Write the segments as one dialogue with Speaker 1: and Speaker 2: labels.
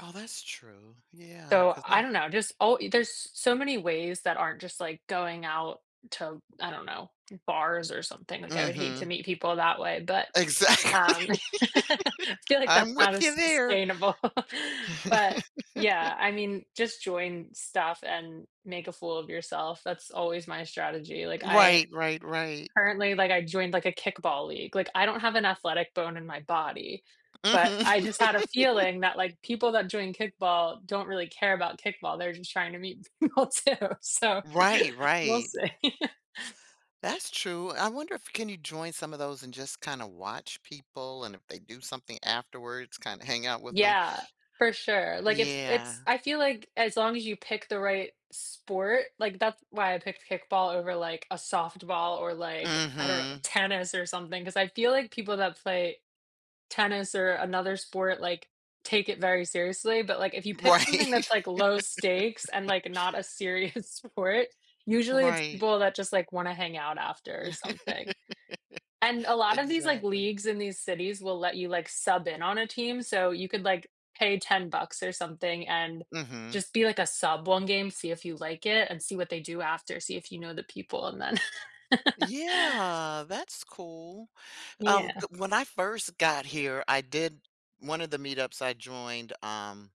Speaker 1: Oh, that's true. Yeah,
Speaker 2: So,
Speaker 1: cause I
Speaker 2: I don't know, just oh, there's s so many ways that aren't just, like, going out to, I don't know, bars or something, like I would hate to
Speaker 1: Mhm.
Speaker 2: meet people that way, but,
Speaker 1: Exactly.
Speaker 2: um, I feel like that's
Speaker 1: I'm
Speaker 2: not
Speaker 1: with you
Speaker 2: as
Speaker 1: there.
Speaker 2: sustainable, but yeah, I mean, just join stuff and make a fool of yourself, that's always my strategy, like, I
Speaker 1: Right, right, right.
Speaker 2: currently, like, I joined, like, a kickball league, like, I don't have an athletic bone in my body, but
Speaker 1: Mhm.
Speaker 2: I just had a feeling that, like, people that join kickball don't really care about kickball, they're just trying to meet people, too, so
Speaker 1: Right,
Speaker 2: we'll
Speaker 1: right.
Speaker 2: see.
Speaker 1: That's true. I wonder if can you join some of those and just kinda watch people and if they do something afterwards, kinda hang out with them.
Speaker 2: Yeah, for sure, like, it's it's
Speaker 1: Yeah.
Speaker 2: I feel like as long as you pick the right sport like, that's why I picked kickball over, like, a softball or like, I don't know,
Speaker 1: Mhm.
Speaker 2: tennis or something, 'cause I feel like people that play tennis or another sport, like, take it very seriously, but like, if you pick something
Speaker 1: Right.
Speaker 2: that's, like, low stakes and, like, not a serious sport, usually it's
Speaker 1: Right.
Speaker 2: people that just, like, wanna hang out after or something. And a lot of these, like,
Speaker 1: Exactly.
Speaker 2: leagues in these cities will let you, like, sub in on a team, so you could, like, pay 10 bucks or something, and
Speaker 1: Mhm.
Speaker 2: just be, like, a sub one game, see if you like it, and see what they do after, see if you know the people, and then
Speaker 1: Yeah, that's cool. Um,
Speaker 2: Yeah.
Speaker 1: g when I first got here, I did one of the meetups I joined, um,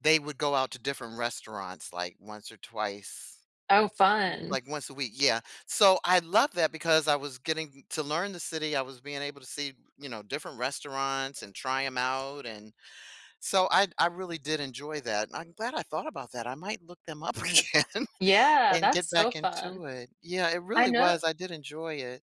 Speaker 1: they would go out to different restaurants, like, once or twice.
Speaker 2: Oh,
Speaker 1: L
Speaker 2: fun.
Speaker 1: like once a week, yeah. So I love that because I was getting m to learn the city, I was being able to see, you know, different restaurants and try 'em out and so I I really did enjoy that. I'm glad I thought about that. I might look them up again
Speaker 2: Yeah,
Speaker 1: and get
Speaker 2: that's so
Speaker 1: back
Speaker 2: fun.
Speaker 1: into it. Yeah, it
Speaker 2: I
Speaker 1: really
Speaker 2: kno
Speaker 1: was. I did enjoy it.